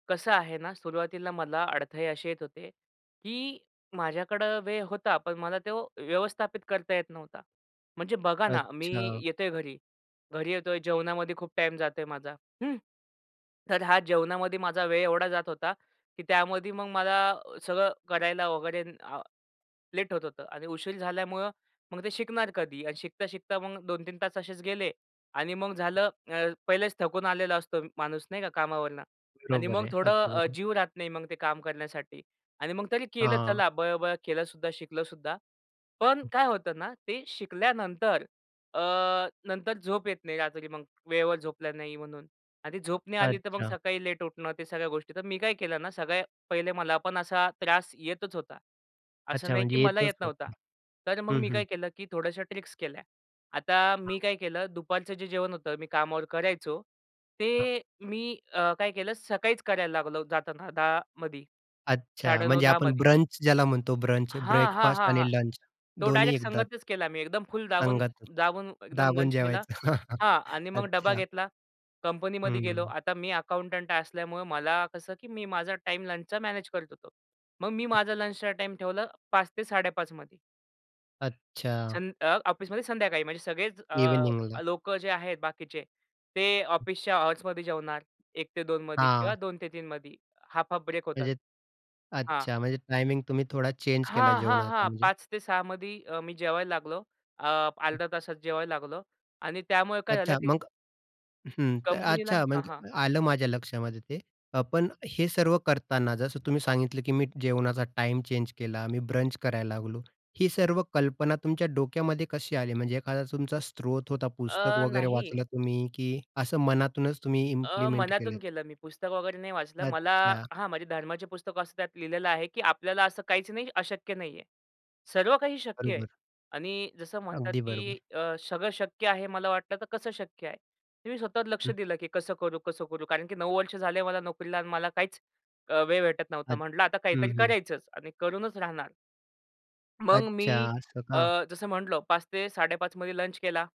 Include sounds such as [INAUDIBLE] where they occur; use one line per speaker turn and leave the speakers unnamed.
कसं आहे ना, सुरुवातीला मला अडथळे अशी येत होते, की माझ्याकडे वेळ होता, पण मला तो व्यवस्थापित करता येत नव्हता. म्हणजे बघा ना मी
अच्छा.
येतोय घरी, घरी येतोय जेवणामध्ये खूप टाईम जातोय माझा, हं. तर हा जेवणामध्ये माझा वेळ एवढा जात होता, की त्यामध्ये मग मला सगळं करायला वगैरे आ लेट होत होतं आणि उशीर झाल्यामुळे मग ते शिकणार कधी आणि शिकता, शिकता मग 2-3 तास असेच गेले आणि मग झालं अ, पहिलेच थकून आलेला असतो माणूस नाही का कामावरुन आणि
बरोबर
मग
आहे,
थोडं
अगदी
अ,
बरोबर.
जीव राहत नाही मग, ते काम करण्यासाठी आणि मग तरी केलं
हां.
चला बरोबर केलं सुद्धा, शिकलं सुद्धा. पण काय होतं ना ते शिकल्यानंतर अ, नंतर झोप येत नाही रात्री, मग वेळेवर झोपलो नाही म्हणून. आणि ती झोप नाही आली तर मग
अच्छा.
सकाळी लेट उठणं ते सगळ्या गोष्टी. तर मी काय केलं ना सगळ्यात पहिले मला पण असा त्रास येतच होता, असं
अच्छा.
नाही की
म्हणजे
मला येत
येतच
नव्हता.
होतं
तर मग
हं,
मी
हं.
काय केलं, की थोड्याश्या ट्रिक्स केल्या. आता
हां.
मी काय केलं दुपारचं जे जेवण होतं मी कामावर करायचो
हां.
ते मी अ, काय केलं सकाळीच करायला लागलो जाताना 10 मध्ये,
अच्छा.
साडे नऊ
म्हणजे
दहा
आपण
मध्ये.
ब्रंच ज्याला म्हणतो, ब्रंच
हां, हां,
ब्रेकफास्ट
हां, हां.
आणि लंच
तो
दोन्ही
डायरेक्ट
एकदाच.
संगतच केला मी एकदम फुल दाबून,
अंगात [UNINTELLIGIBLE]
दाबून एकदम
दाबून
लंच केला
जेवायचं.
हां आणि मग डबा
अच्छा.
घेतला, कंपनीमध्ये गेलो.
हं.
आता मी अकाउंटंट असल्यामुळे मला कसं की मी माझा टाईम लंचचा मॅनेज करत होतो. मग मी माझा लंचचा टाईम ठेवला 05:00 ते 05:30 मध्ये.
अच्छा.
संध अ, ऑफिसमध्ये संध्याकाळी म्हणजे सगळेच अ,
इव्हनिंगला.
लोकं जे आहेत बाकीचे ते ऑफिसच्या अवर्समध्ये जेवणार. 1 ते 2 मध्ये किंवा
हां.
2 ते 3 मध्ये हाल्फ, हाल्फ ब्रेक होतात
म्हणजे
हां.
अच्छा, म्हणजे टायमिंग तुम्ही थोडा चेंज केला
हां, हां,
जेवणाचा
हां
म्हणजे.
05:00 ते 06:00 मध्ये अ, मी जेवायला लागलो. अ, अर्ध्या तासात जेवायला लागलो. आणि त्यामुळे काय झालं,
अच्छा
की
मग? हं. तर,
कंपनीला
अच्छा
हां,
मग
हां.
आलं माझ्या लक्षामध्ये ते. पण हे सर्व करतांना जसं तुम्ही सांगितलं, की मी जेवणाचा टाईम चेंज केला, मी ब्रंच करायला लागलो. ही सर्व कल्पना तुमच्या डोक्यामध्ये कशी आली म्हणजे एखादा तुमचा स्रोत होता पुस्तक
अ,
वगैरे
नाही.
वाचलं तुम्ही की असं मनातूनच तुम्ही
अ,
इम्प्लिमेंट केलं?
मनातून केलं मी. पुस्तक वगैरे नाही वाचलं. मला
अच्छा.
हां, म्हणजे धर्माचे पुस्तक वाचतो, त्यात लिहिलेलं आहे, की आपल्याला असं काहीच नाही अशक्य नाहीये. सर्व काही शक्य आहे.
बरोबर.
आणि जसं म्हणतात,
अगदी
की
बरोबर.
अ, सगळं शक्य आहे मला वाटलं तर कसं शक्य आहे? मी स्वतःवर लक्ष
हं.
दिलं, की कसं करू? कसं करू? कारण की 9 वर्ष झाले मला नोकरीला आणि मला काहीच वेळ भेटत नव्हता.
अच्छा.
म्हटलं आता
हं,
काहीतरी
हं.
करायचंच आणि करूनच राहणार. मग
अच्छा
मी
असं का?
अ, जसं म्हटलं, 05:00 ते 05:30 मध्ये लंच केला.